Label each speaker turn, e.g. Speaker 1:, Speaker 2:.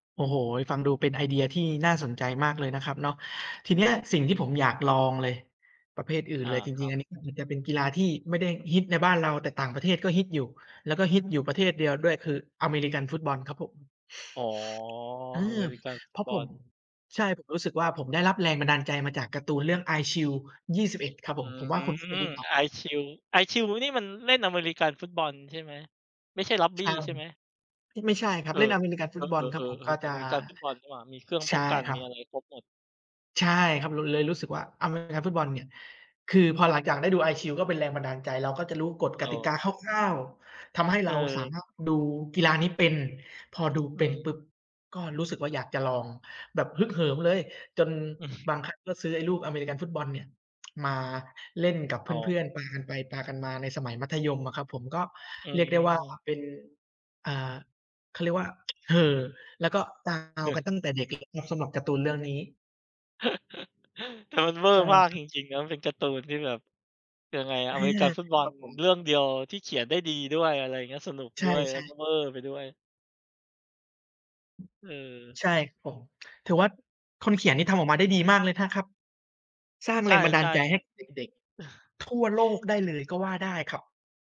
Speaker 1: โอ้โฮ ฟังดูเป็นไอเดียที่น่าสนใจมากเลยนะครับเนาะ ทีเนี้ยสิ่งที่ผมอยากลองเลย ประเภทอื่น
Speaker 2: อ
Speaker 1: เ
Speaker 2: า
Speaker 1: ลยจ
Speaker 2: คร
Speaker 1: ริง
Speaker 2: ั
Speaker 1: ๆ อ
Speaker 2: บ
Speaker 1: ันนี้มันจะเป็นกีฬาที่ไม่ได้ฮิตในบ้านเรา แต่ต่างประเทศก็ฮิตอยู่ แล้วก็ฮิตอยู่ประเทศเดียวด้วย คืออเมริกันฟุตบอลครับผม
Speaker 2: อ๋อ
Speaker 1: เอ
Speaker 2: อเม
Speaker 1: อ
Speaker 2: ริกันฟุ
Speaker 1: เพ
Speaker 2: ต
Speaker 1: ราะ
Speaker 2: บ
Speaker 1: ผ
Speaker 2: อ
Speaker 1: ม
Speaker 2: ล
Speaker 1: ใช่ ผมรู้สึกว่าผมได้รับแรงบันดาลใจมาจากการ์ตูนเรื่อง Eyeshield 21 ครับ
Speaker 2: อ
Speaker 1: ผ
Speaker 2: ื
Speaker 1: ม ผมว่าคุณเป็นต
Speaker 2: ม
Speaker 1: ้นตอ
Speaker 2: Eyeshield Eyeshield นี่มันเล่นอเมริกันฟุตบอลใช่ไหม? ไม่ใช่รัก
Speaker 1: ใ
Speaker 2: บ
Speaker 1: ช
Speaker 2: ี้
Speaker 1: ่
Speaker 2: ใช่ไหม?
Speaker 1: ไม่ใช่ครั
Speaker 2: เ
Speaker 1: บ
Speaker 2: อ
Speaker 1: เล่น
Speaker 2: อ
Speaker 1: อเมริกันฟ
Speaker 2: เ
Speaker 1: ุ
Speaker 2: อ
Speaker 1: ตบอล
Speaker 2: อ
Speaker 1: ครับผม ก
Speaker 2: ๆ
Speaker 1: ็
Speaker 2: ๆ ๆ
Speaker 1: จ
Speaker 2: อ
Speaker 1: ะ
Speaker 2: เมริกันฟุตบอลนี่หว่า มีเครื่อง
Speaker 1: ใ
Speaker 2: ป
Speaker 1: ช
Speaker 2: ้อ
Speaker 1: ่
Speaker 2: งกัน
Speaker 1: คร
Speaker 2: ม
Speaker 1: ั
Speaker 2: ี
Speaker 1: บ
Speaker 2: อะไรครบหมด
Speaker 1: ใช่ครับ เราเลยรู้สึกว่า อเมริกันฟุตบอลเนี่ย คือพอหลังจากได้ดู Eyeshield ก็เป็นแรงบันดาลใจ เราก็จะรู้กฏ
Speaker 2: อ
Speaker 1: ก
Speaker 2: ๋อ
Speaker 1: ติกาคร่าว ๆ ทำให้
Speaker 2: เ
Speaker 1: เราสา
Speaker 2: ออ
Speaker 1: มารถดูกีฬานี้เป็น พอดู
Speaker 2: อ
Speaker 1: เ
Speaker 2: ื
Speaker 1: ป็น
Speaker 2: ม
Speaker 1: ปุ๊บก็รู้สึกว่า อยากจะลอง แบบฮึกเหิมเลย จน
Speaker 2: อือฮึ
Speaker 1: บางครั้งก็ซื้อไอ้ลูกอเมริกันฟุตบอลเนี่ย มาเล่นกับเ
Speaker 2: อ๋
Speaker 1: พ
Speaker 2: อ
Speaker 1: ื่อน ๆ ปากันไป ปากันมา ในสมัยมัธยมอะครับผม ก็
Speaker 2: อื
Speaker 1: เรียกได้ว่า
Speaker 2: ม
Speaker 1: เป็น อ่า เขาเรียกว่า เห่อ แล้วก็ [unintelligible] เอากันตั้งแต่เด็กเลย ครับ สำหรับการ์ตูนเรื่องนี้
Speaker 2: แต่มันเวอ
Speaker 1: ใ
Speaker 2: ร
Speaker 1: ช
Speaker 2: ์
Speaker 1: ่
Speaker 2: มาก
Speaker 1: ครั
Speaker 2: จ
Speaker 1: บ
Speaker 2: ริง ๆ นะ มันเป็นการ์ตูนที่แบบยังไงอะ
Speaker 1: อา
Speaker 2: อเมริกันฟุตบอ
Speaker 1: คร
Speaker 2: ล
Speaker 1: ับผม
Speaker 2: เรื่องเดียวที่เขียนได้ดีด้วย อะไรเงี้ย สนุก
Speaker 1: ใช
Speaker 2: ด้วย แล้
Speaker 1: ่
Speaker 2: วก
Speaker 1: ๆ
Speaker 2: ็เวอร์ไปด้วย เออ
Speaker 1: ใช่ ผม ถือว่าคนเขียนนี่ทำออกมาได้ดีมากเลยนะครับ สร้าง
Speaker 2: ใช
Speaker 1: แรงบันดาล
Speaker 2: ่
Speaker 1: ใจให้
Speaker 2: ๆ
Speaker 1: เด็ก ๆ ทั่วโลกได้เลยก็ว่าได้ครับ